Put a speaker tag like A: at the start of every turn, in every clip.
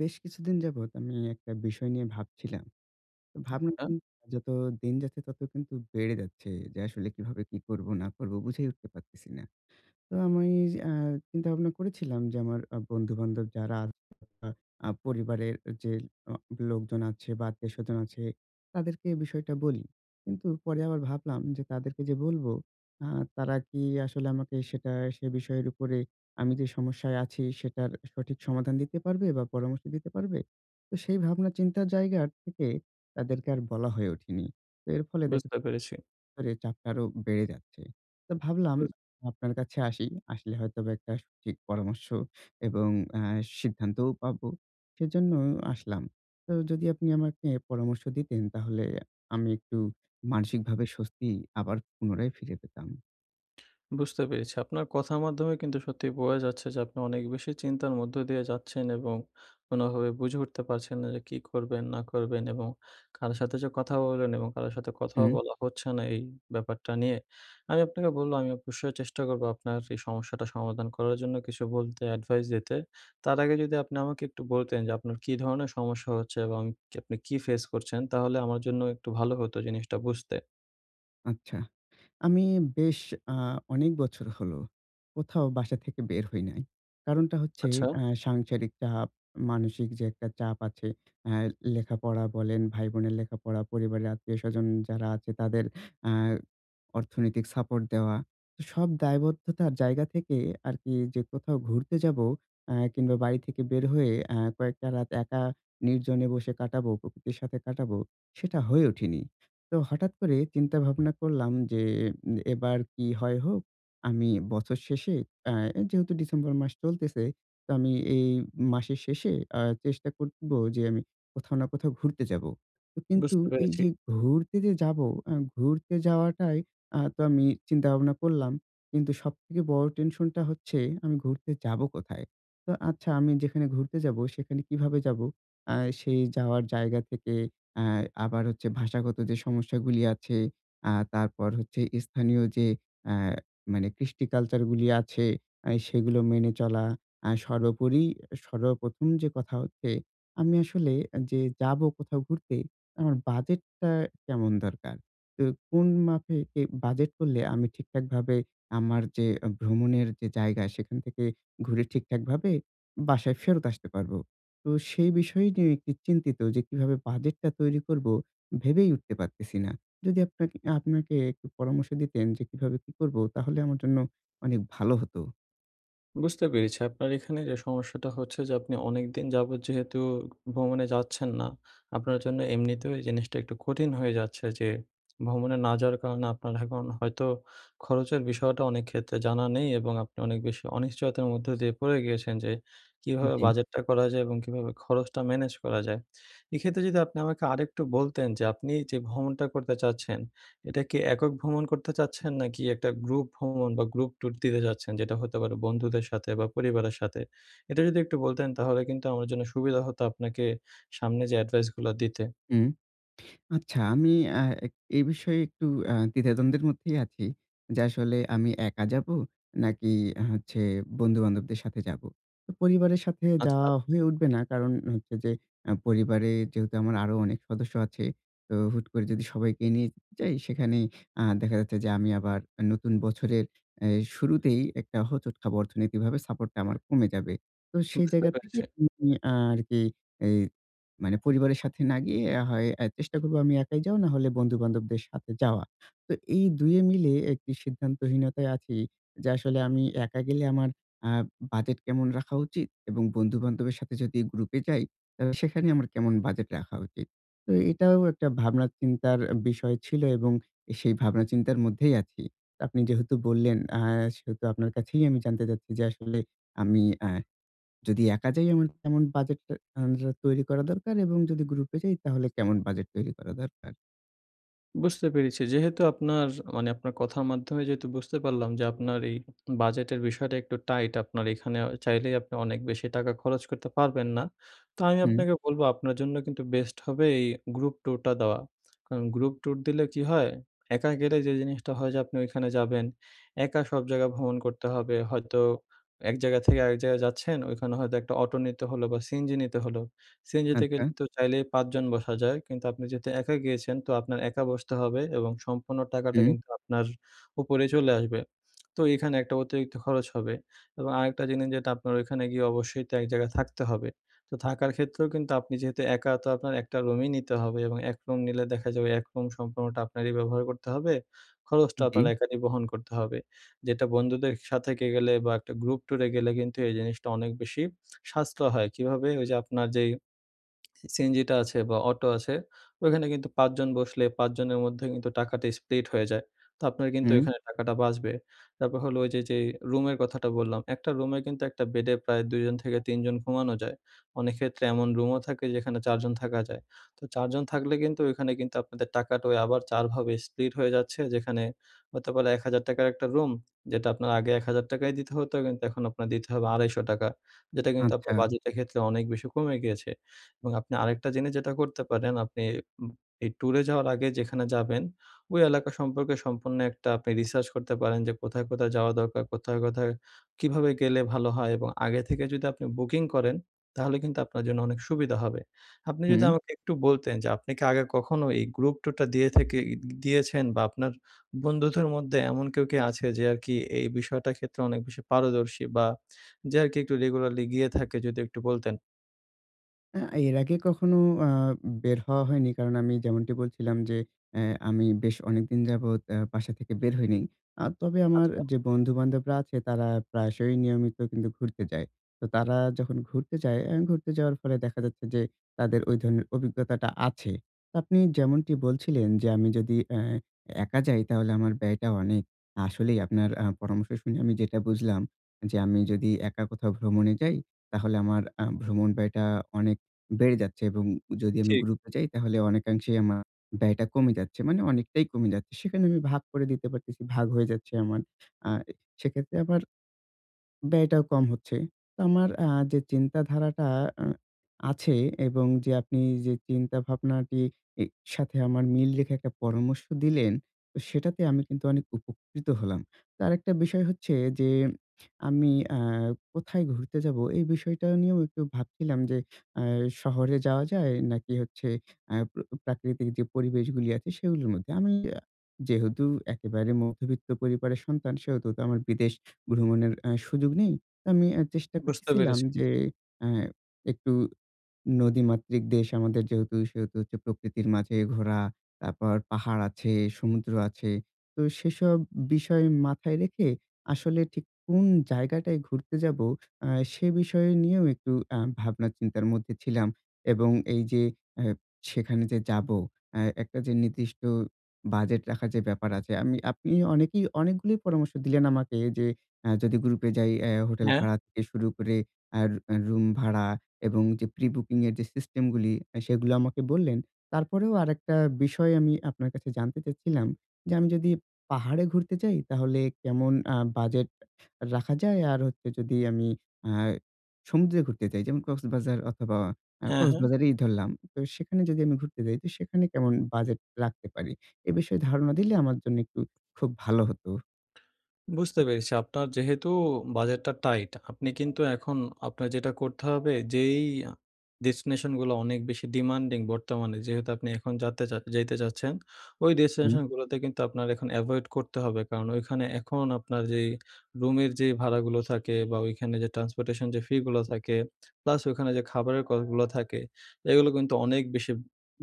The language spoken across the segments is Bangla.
A: বেশ কিছুদিন যাবত আমি একটা বিষয় নিয়ে ভাবছিলাম। ভাবনা
B: আচ্ছা।
A: কিন্তু যত দিন যাচ্ছে, তত কিন্তু বেড়ে যাচ্ছে। যে আসলে কিভাবে কি করব, না করব বুঝেই উঠতে পারতেছি না। তো আমি আ চিন্তা ভাবনা করেছিলাম যে আমার আ বন্ধু-বান্ধব যারা, আ পরিবারের যে অ লোকজন আছে বা আত্মীয়-স্বজন আছে, তাদেরকে এই বিষয়টা বলি। কিন্তু পরে আবার ভাবলাম যে তাদেরকে যে বলবো, আ তারা কি আসলে আমাকে সেটা সে বিষয়ের উপরে আমি যে সমস্যায় আছি, সেটার সঠিক সমাধান দিতে পারবে বা পরামর্শ দিতে পারবে? তো সেই ভাবনা চিন্তার জায়গার থেকে তাদেরকে আর বলা হয়ে ওঠেনি। তো এর ফলে দেখা
B: বুঝতে
A: যা
B: পেরেছি।
A: পরে চাপটা আরও বেড়ে যাচ্ছে। তো ভাবলাম
B: বুজ
A: আপনার কাছে আসি। আসলে হয়তো বা একটা সঠিক পরামর্শ এবং অ্যা সিদ্ধান্তও পাবো। সেজন্য আসলাম। তো যদি আপনি আমাকে পরামর্শ দিতেন, তাহলে আমি একটু মানসিকভাবে স্বস্তি আবার পুনরায় ফিরে পেতাম।
B: বুঝতে পেরেছি। আপনার কথার মাধ্যমে কিন্তু সত্যি বোঝা যাচ্ছে যে আপনি অনেক বেশি চিন্তার মধ্য দিয়ে যাচ্ছেন এবং কোনভাবে বুঝে উঠতে পারছেন না যে কি করবেন, না করবেন এবং কারো সাথে যে কথা বললেন এবং কারো সাথে কথাও
A: হুম।
B: বলা হচ্ছে না এই ব্যাপারটা নিয়ে। আমি আপনাকে বললাম, আমি অবশ্যই চেষ্টা করব আপনার এই সমস্যাটা সমাধান করার জন্য কিছু বলতে, এডভাইস দিতে। তার আগে যদি আপনি আমাকে একটু বলতেন যে আপনার কী ধরনের সমস্যা হচ্ছে? এবং ক আপনি কি ফেস করছেন? তাহলে আমার জন্য একটু ভালো হতো জিনিসটা বুঝতে।
A: আচ্ছা, আমি বেশ আ অনেক বছর হল কোথাও বাসা থেকে বের হই নাই। কারণটা হচ্ছে
B: আচ্ছা।
A: আ সাংসারিক চাপ, মানসিক যে একটা চাপ আছে, অ্যা লেখাপড়া বলেন, ভাই বোনের লেখাপড়া, পরিবারের আত্মীয়স্বজন যারা আছে তাদের আ অর্থনৈতিক সাপোর্ট দেওয়া। তো, সব দায়বদ্ধতার জায়গা থেকে আরকি যে কোথাও ঘুরতে যাবো আ কিংবা বাড়ি থেকে বের হয়ে অ্যা কয়েকটা রাত একা নির্জনে বসে কাটাবো, প্রকৃতির সাথে কাটাবো সেটা হয়ে ওঠেনি। তো হঠাৎ করে চিন্তা ভাবনা করলাম যে, এ এবার কী হয় হোক? আমি বছর শেষে অ্যা যেহেতু ডিসেম্বর মাস চলতেছে তো আমি এই মাসের শেষে আ চেষ্টা করব যে আমি কোথাও না কোথাও ঘুরতে যাবো। কিন্তু
B: বুঝতে
A: এই
B: পেরেছি।
A: যে ঘুরতে যে যাবো অ্যা ঘুরতে যাওয়াটাই আ তো আমি চিন্তা ভাবনা করলাম। কিন্তু সবথেকে বড় টেনশনটা হচ্ছে আমি ঘুরতে যাবো কোথায়? তো আচ্ছা আমি যেখানে ঘুরতে যাবো সেখানে কীভাবে যাবো? আ সেই যাওয়ার জায়গা থেকে অ্যা আবার হচ্ছে ভাষাগত যে সমস্যাগুলি আছে আ তারপর হচ্ছে স্থানীয় যে অ্যা মানে কৃষ্টি কালচার গুলি আছে আ সেগুলো মেনে চলা আ সর্বোপরি সর্বপ্রথম যে কথা হচ্ছে আমি আসলে যে যাবো কোথাও ঘুরতে আমার বাজেটটা কেমন দরকার? তো কোন মাপে এ বাজেট করলে আমি ঠিকঠাকভাবে আমার যে ভ্রমণের যে জায়গা সেখান থেকে ঘুরে ঠিকঠাকভাবে বাসায় ফেরত আসতে পারবো? তো সেই বিষয় নিয়ে একটু চিন্তিত যে কীভাবে বাজেটটা তৈরি করব? ভেবেই উঠতে পারতেছি না। যদি আপনাকে আপনাকে একটু পরামর্শ দিতেন যে কীভাবে কী করব? তাহলে আমার জন্য অনেক ভালো হতো।
B: বুঝতে পেরেছি। আপনার এখানে যে সমস্যাটা হচ্ছে, যে আপনি অনেকদিন যাবত যেহেতু ভ্রমণে যাচ্ছেন না, আপনার জন্য এমনিতেও এই জিনিসটা একটু কঠিন হয়ে যাচ্ছে। যে ভ্রমণে না যাওয়ার কারণে আপনার এখন হয়তো খরচের বিষয়টা অনেক ক্ষেত্রে জানা নেই, এবং আপনি অনেক বেশি অনিশ্চয়তার মধ্য দিয়ে পড়ে গিয়েছেন, যে কীভাবে
A: জি।
B: বাজেটটা করা যায় এবং কীভাবে খরচটা ম্যানেজ করা যায়। এক্ষেত্রে যদি আপনি আমাকে আরেকটু বলতেন, যে আপনি যে ভ্রমণটা করতে চাচ্ছেন, এটা কি একক ভ্রমণ করতে চাচ্ছেন, নাকি একটা গ্রুপ ভ্রমণ বা গ্রুপ ট্যুর দিতে চাচ্ছেন, যেটা হতে পারে বন্ধুদের সাথে বা পরিবারের সাথে? এটা যদি একটু বলতেন, তাহলে কিন্তু আমার জন্য সুবিধা হতো আপনাকে সামনে যে এডভাইস গুলো দিতে।
A: হুম, আচ্ছা। আমি আ এই বিষয়ে একটু আ দ্বিধাদ্বন্দ্বের মধ্যেই আছি। যে আসলে আমি একা যাবো, নাকি হচ্ছে বন্ধু-বান্ধবদের সাথে যাবো। তো পরিবারের সাথে
B: আচ্ছা।
A: যাওয়া হয়ে উঠবে না। কারণ হচ্ছে যে আ পরিবারে যেহেতু আমার আরো অনেক সদস্য আছে, তো হুট করে যদি সবাইকে নিয়ে যাই, সেখানে আ দেখা যাচ্ছে যে আমি আবার আ নতুন বছরের এই শুরুতেই একটা হোঁচট খাবো, অর্থনীতিকভাবে সাপোর্ট টা আমার কমে যাবে। তো সেই
B: বুঝতে,
A: জায়গা থেকে
B: পেরেছি।
A: উ উম আরকি, এই মানে পরিবারের সাথে না গিয়ে হয় আ চেষ্টা করব আমি একাই যাওয়া, নাহলে বন্ধু-বান্ধবদের সাথে যাওয়ার। তো এই দুইয়ে মিলে একটি সিদ্ধান্তহীনতায় আছি, যে আসলে আমি একা গেলে আমার আ বাজেট কেমন রাখা উচিত, এবং বন্ধু-বান্ধবের সাথে যদি গ্রুপ এ যাই, তাহলে সেখানেই আমার কেমন বাজেট রাখা উচিত। তো এটাও একটা ভাবনা-চিন্তার আ বিষয় ছিলো, এবং সেই ভাবনা চিন্তার মধ্যেই আছি। আপনি যেহেতু বললেন, আহ সেহেতু আপনার কাছেই আমি জানতে চাচ্ছি, যে আসলে আমি এহ যদি একা যাই, আমার কেমন বাজেট তো তৈরি করা দরকার এবং যদি গ্রুপ এ যাই, তাহলে কেমন বাজেট তৈরি করা দরকার?
B: বুঝতে পেরেছি। যেহেতু আপনার মানে আপনার কথার মাধ্যমে যেহেতু বুঝতে পারলাম যে, আপনার এই বাজেটের বিষয়টা একটু টাইট, আপনার এখানে অ চাইলেই আপনি অনেক বেশি টাকা খরচ করতে পারবেন না। তো আমি
A: হুম।
B: আপনাকে বলবো আপনার জন্য কিন্তু বেস্ট হবে এই গ্রুপ টুরটা দেওয়া। কারণ গ্রুপ টুর দিলে কী হয়? একা গেলে যে জিনিসটা হয় যে আপনি ওইখানে যাবেন, একা সব জায়গায় ভ্রমণ করতে হবে। হয়তো এক জায়গা থেকে আরেক জায়গায় যাচ্ছেন ওইখানে হয়তো একটা অটো নিতে হলো বা সিএনজি নিতে হল। সিএনজিতে
A: আচ্ছা।
B: কিন্তু চাইলেই ৫ জন বসা যায় কিন্তু আপনি যেহেতু একা গিয়েছেন তো আপনার একা বসতে হবে এবং সম্পূর্ণ টাকাটা
A: হুম।
B: কিন্তু আপনার উপরে চলে আসবে। তো এখানে একটা অতিরিক্ত খরচ হবে। এবং আরেকটা জিনিস যেটা আপনার ওইখানে গিয়ে অবশ্যই তো এক জায়গায় থাকতে হবে। তো থাকার ক্ষেত্রেও কিন্তু আপনি যেহেতু একা তো আপনার একটা রুমই নিতে হবে এবং এক রুম নিলে দেখা যাবে এক রুম সম্পূর্ণটা আপনারই ব্যবহার করতে হবে, খরচটা আপনার
A: জি।
B: একারই বহন করতে হবে। যেটা বন্ধুদের সাথে কে গেলে বা একটা গ্রুপ টুরে গেলে কিন্তু এই জিনিসটা অনেক বেশি সাশ্রয় হয়। কীভাবে? ওই যে, আপনার যেই সিনজিটা আছে বা অটো আছে ওইখানে কিন্তু ৫ জন বসলে ৫ জনের মধ্যে কিন্তু টাকাটি স্প্লিট হয়ে যায়, তো আপনার কিন্তু
A: হুম।
B: ওইখানে টাকাটা বাঁচবে। তারপর হলো ওই যে যেই রুমের কথাটা বললাম। একটা রুমে কিন্তু একটা বেডে প্রায় ২ জন থেকে ৩ জন ঘুমানো যায়। অনেক ক্ষেত্রে এমন রুমও থাকে যেখানে ৪ জন থাকা যায়। তো ৪ জন থাকলে কিন্তু ওইখানে কিন্তু আপনাদের টাকাটা আবার ৪ ভাবে স্প্লিট হয়ে যাচ্ছে, যেখানে হতে পারে ৳১, ০০০ র একটা রুম যেটা আপনার আগে ৳১, ০০০ য় দিতে হতো কিন্তু এখন আপনার দিতে হবে ৳২৫০। যেটা কিন্তু
A: আচ্ছা।
B: আপনার বাজেটের ক্ষেত্রে অনেক বেশি কমে গিয়েছে এবং আপনি আরেকটা জিনিস যেটা করতে পারেন আপনি উম এই টুরে যাওয়ার আগে যেখানে যাবেন, ওই এলাকা সম্পর্কে সম্পূর্ণ একটা আপনি রিসার্চ করতে পারেন যে কোথায়, কোথায় যাওয়া দরকার? কোথায়, কোথায় কীভাবে গেলে ভালো হয়? এবং আগে থেকে যদি আপনি বুকিং করেন তাহলে কিন্তু আপনার জন্য অনেক সুবিধা হবে। আপনি যদি
A: হুম।
B: আমাকে একটু বলতেন যে আপনি কী আগে কখনো এই গ্রুপ টুরটা দিয়ে থেকে গিয়েছেন? বা আপনার বন্ধুদের মধ্যে এমন কেউ কী আছে যে আরকি এই বিষয়টার ক্ষেত্রে অনেক বেশি পারদর্শী বা যে আরকি একটু রেগুলারলি গিয়ে থাকে? যদি একটু বলতেন।
A: আ এর আগে কখনো আ বের হওয়া হয়নি। কারণ আমি যেমনটি বলছিলাম যে, এ্যা আমি বেশ অনেকদিন যাবত এ বাসা থেকে বের হয়নি। আ তবে আমার
B: আচ্ছা।
A: যে বন্ধু বান্ধবরা আছে তারা প্রায়শই নিয়মিত কিন্তু ঘুরতে যায়। তো তারা যখন ঘুরতে যায় এ ঘুরতে যাওয়ার ফলে দেখা যাচ্ছে যে, তাদের ওই ধরনের অভিজ্ঞতাটা আছে। তো আপনি যেমনটি বলছিলেন যে আমি যদি এ্যা একা যাই তাহলে আমার ব্যয়টা অনেক। আসলেই আপনার আ পরামর্শ শুনে আমি যেটা বুঝলাম। যে আমি যদি একা কোথাও ভ্রমণে যাই তাহলে আমার আ ভ্রমণ ব্যয়টা অনেক বেড়ে যাচ্ছে। এবং যদি আমি
B: ঠিক।
A: গ্রুপ-এ যাই তাহলে অনেকাংশেই আমা ব্যয়টা কমে যাচ্ছে। মানে অনেকটাই কমে যাচ্ছে। সেখানে আমি ভাগ করে দিতে পারতেছি। ভাগ হয়ে যাচ্ছে আমার। আ সেক্ষেত্রে আবার ব্যয়টাও কম হচ্ছে। তো আমার আ যে চিন্তাধারাটা আ আছে এবং যে, আপনি যে চিন্তা ভাবনাটি ই সাথে আমার মিল রেখে একটা পরামর্শ দিলেন। সেটাতে আমি কিন্তু অনেক উপকৃত হলাম। তো আরেকটা বিষয় হচ্ছে যে, আমি আ কোথায় ঘুরতে যাবো? এই বিষয়টা নিয়েও একটু ভাবছিলাম। যে আ শহরে যাওয়া যায়? নাকি হচ্ছে আ প্রাকৃতিক যে পরিবেশগুলি আছে সেগুলোর মধ্যে? আমি এ্যা যেহেতু একেবারে মধ্যবিত্ত পরিবারের সন্তান সেহেতু তো আমার বিদেশ ভ্রমণের আ সুযোগ নেই। তো আমি আ চেষ্টা
B: বুঝতে
A: করতেছিলাম
B: পেরেছ
A: যে আ একটু নদীমাতৃক দেশ আমাদের যেহেতু। সেহেতু হচ্ছে প্রকৃতির মাঝে ঘোরা, তারপর পাহাড় আছে, সমুদ্র আছে। তো সেসব বিষয় মাথায় রেখে আসলে ঠিক কোন জায়গাটায় ঘুরতে যাবো আ সে বিষয় নিয়েও একটু আ ভাবনা চিন্তার মধ্যে ছিলাম। এবং এই যে এ সেখানে যে যাবো এ্যা একটা যে নির্দিষ্ট বাজেট রাখার যে ব্যাপার আছে, আমি আপনি অনেকেই অনেকগুলো পরামর্শ দিলেন আমাকে। যে আ যদি গ্রুপ-এ যাই এ্যা হোটেল
B: হ্যাঁ?
A: ভাড়া থেকে শুরু করে আর আ রুম ভাড়া এবং যে প্রি বুকিং এর যে সিস্টেম গুলি, এ সেগুলো আমাকে বললেন। তারপরেও আরেকটা বিষয় আমি আপনার কাছে জানতে চাচ্ছিলাম। যে আমি যদি পাহাড়ে ঘুরতে যাই, তাহলে কেমন আ বাজেট রাখা যায় আর হচ্ছে যদি আমি আ সমুদ্রে ঘুরতে যাই, যেমন কক্সবাজার অথবা আ
B: হ্যাঁ, হ্যাঁ।
A: কক্সবাজারই ধরলাম। তো সেখানে যদি আমি ঘুরতে যাই, তো সেখানে কেমন বাজেট রাখতে পারি? এ বিষয়ে ধারণা দিলে আমার জন্য একটু খুব ভালো হতো।
B: বুঝতে পেরেছি। আপনার যেহেতু বাজেটটা টাইট আপনি কিন্তু এখন আপনার যেটা করতে হবে। যেই ডেস্টিনেশনগুলো অনেক বেশি ডিমান্ডিং বর্তমানে যেহেতু আপনি এখন যাতে যাইতে চাচ্ছেন। ওই
A: হুম।
B: ডেস্টিনেশনগুলোতে কিন্তু আপনার এখন এভয়েড করতে হবে। কারণ ওইখানে এখন আপনার যেই রুমের যে ভাড়াগুলো থাকে বা ওইখানে যে ট্রান্সপোর্টেশন যে ফি গুলো থাকে, প্লাস ওইখানে যে খাবারের কস্টগুলো থাকে। এগুলো কিন্তু অনেক বেশি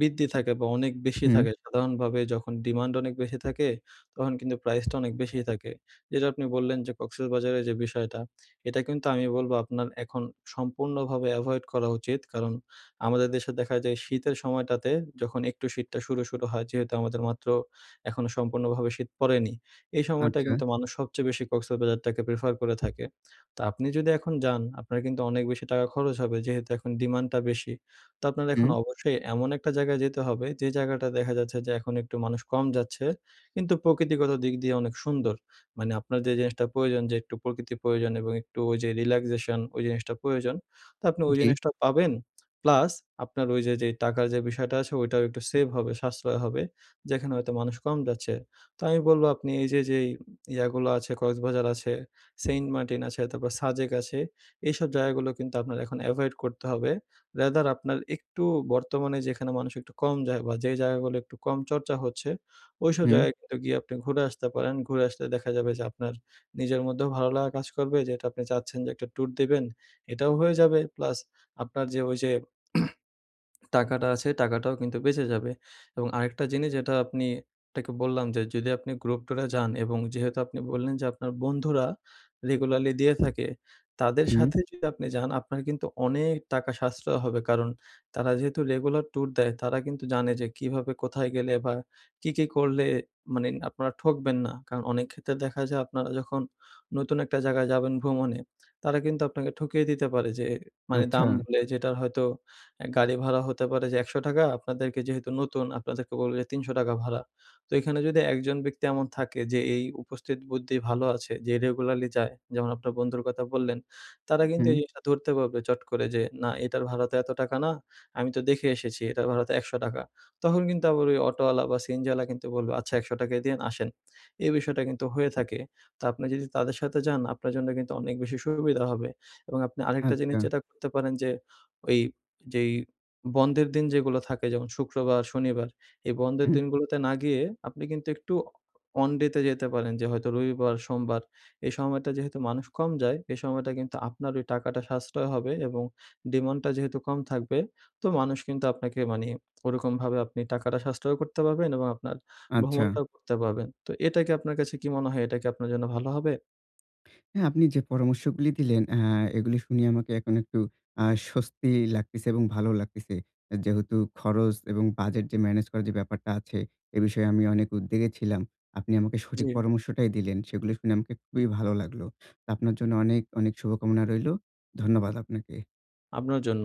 B: বৃদ্ধি থাকে বা অনেক বেশি
A: হু।
B: থাকে, সাধারণভাবে যখন ডিমান্ড অনেক বেশি থাকে তখন কিন্তু প্রাইসটা অনেক বেশি থাকে। যেটা আপনি বললেন যে কক্সেস বাজারের যে বিষয়টা এটা কিন্তু আমি বলবো আপনার এখন সম্পূর্ণভাবে এভয়েড করা উচিত। কারণ আমাদের দেশে দেখা যায় শীতের সময়টাতে যখন একটু শীতটা শুরু, শুরু হয় যেহেতু আমাদের মাত্র এখনো সম্পূর্ণভাবে শীত পড়েনি। এই সময়টা
A: আচ্ছা।
B: কিন্তু মানুষ সবচেয়ে বেশি কক্সেস বাজারটাকে প্রেফার করে থাকে। তো আপনি যদি এখন যান আপনার কিন্তু অনেক বেশি টাকা খরচ হবে যেহেতু এখন ডিমান্ডটা বেশি, তো আপনার এখন
A: হু।
B: অবশ্যই এমন একটা জায়গায় যেতে হবে যে জায়গাটা দেখা যাচ্ছে যে এখন একটু মানুষ কম যাচ্ছে। কিন্তু প্রকৃতিগত দিক দিয়ে অনেক সুন্দর। মানে আপনার যে জিনিসটা প্রয়োজন যে একটু প্রকৃতির প্রয়োজন এবং একটু ওই যে রিল্যাক্সেশন ওই জিনিসটা প্রয়োজন। তো আপনি
A: উ
B: ওই
A: জি।
B: জিনিসটা পাবেন প্লাস আপনার ওই যে, যে টাকার যে বিষয়টা আছে ওইটাও একটু সেভ হবে, সাশ্রয় হবে। যেখানে হয়তো মানুষ কম যাচ্ছে। তো আমি বলবো আপনি এই যে, যে ইয়াগুলো আছে, কক্সবাজার আছে, সেন্টমার্টিন আছে, তারপর সাজেক আছে। এইসব জায়গাগুলো কিন্তু আপনার এখন এভয়েড করতে হবে। র‍্যাদার আপনার একটু বর্তমানে যেখানে মানুষ একটু কম যায় বা যে জায়গাগুলো একটু কম চর্চা হচ্ছে ওইসব
A: হু।
B: জায়গায় কিন্তু গিয়ে আপনি ঘুরে আসতে পারেন। ঘুরে আসলে দেখা যাবে যে আপনার নিজের মধ্যেও ভালো লাগা কাজ করবে যে আপনি চাচ্ছেন যে একটা ট্যুর দিবেন। এটাও হয়ে যাবে প্লাস আপনার যে ওই যে টাকাটা আছে টাকাটাও কিন্তু বেঁচে যাবে এবং আরেকটা জিনিস যেটা আপনি তাকে বললাম যে যদি আপনি গ্রুপ ট্যুরে যান এবং যেহেতু আপনি বললেন যে আপনার বন্ধুরা রেগুলারলি দিয়ে থাকে। তাদের
A: হু।
B: সাথে যদি আপনি যান আপনার কিন্তু অনেক টাকা সাশ্রয় হবে কারণ তারা যেহেতু রেগুলার ট্যুর দেয় তারা কিন্তু জানে যে কীভাবে কোথায় গেলে বা কি, কি করলে? মানে আপনারা ঠকবেন না। কারণ অনেক ক্ষেত্রে দেখা যায় আপনারা যখন নতুন একটা জায়গায় যাবেন ভ্রমণে তারা কিন্তু আপনাকে ঠকিয়ে দিতে পারে যে মানে দাম
A: আচ্ছা।
B: বলে যেটার হয়তো আ গাড়ি ভাড়া হতে পারে যে ১০০ টাকা আপনাদেরকে যেহেতু নতুন, আপনাদেরকে বলবে ৩০০ টাকা ভাড়া। তো এখানে যদি একজন ব্যক্তি এমন থাকে যে এই উপস্থিত বুদ্ধি ভালো আছে যে রেগুলারলি যায় যেমন আপনার বন্ধুর কথা বললেন। তারা কিন্তু এই
A: হু।
B: জিনিসটা ধরতে পারবে চট করে যে না এটার ভাড়াতে এতো টাকা না। আমি তো দেখে এসেছি এটার ভাড়া তো ১০০ টাকা। তখন কিন্তু আবার ওই অটোয়ালা বা সিএনজি ওয়ালা কিন্তু বলবে, "আচ্ছা ১০০ টাকাই দিয়েন আসেন।" এই বিষয়টা কিন্তু হয়ে থাকে। তো আপনি যদি তাদের সাথে যান আপনার জন্য কিন্তু অনেক বেশি সুবিধা হবে। এবং আপনি আরেকটা জিনিস
A: আচ্ছা।
B: যেটা করতে পারেন যে ওই যেই বন্ধের দিন যেগুলো থাকে যেমন শুক্রবার, শনিবার এই বন্ধের
A: হ্যাঁ।
B: দিনগুলোতে না গিয়ে আপনি কিন্তু একটু অনডে তে যেতে পারেন যে হয়তো রবিবার, সোমবার এই সময়টা যেহেতু মানুষ কম যায় এই সময়টা কিন্তু আপনার ওই টাকাটা সাশ্রয় হবে এবং ডিমান্ডটা যেহেতু কম থাকবে তো মানুষ কিন্তু আপনাকে মানে ওরকম ভাবে আপনি টাকাটা সাশ্রয় করতে পারবেন এবং আপনার
A: আচ্ছা।
B: ভ্রমণটাও করতে পারবেন। তো এটা কি আপনার কাছে কি মনে হয়? এটা কি আপনার জন্য ভালো হবে?
A: হ্যাঁ। আপনি যে পরামর্শগুলো দিলেন এ্যা এগুলি শুনিয়ে আমাকে এখন একটু আ স্বস্তি লাগতেছে এবং ভালো লাগতেছে। এ যেহেতু খরচ এবং বাজেট যে ম্যানেজ করার যে ব্যাপারটা আছে এ বিষয়ে আমি অনেক উদ্বেগে ছিলাম। আপনি আমাকে সঠিক
B: জি।
A: পরামর্শটাই দিলেন, সেগুলো শুনে আমাকে খুবই ভালো লাগলো। আপনার জন্য অনেক, অনেক শুভকামনা রইলো। ধন্যবাদ আপনাকে।
B: আপনার জন্য।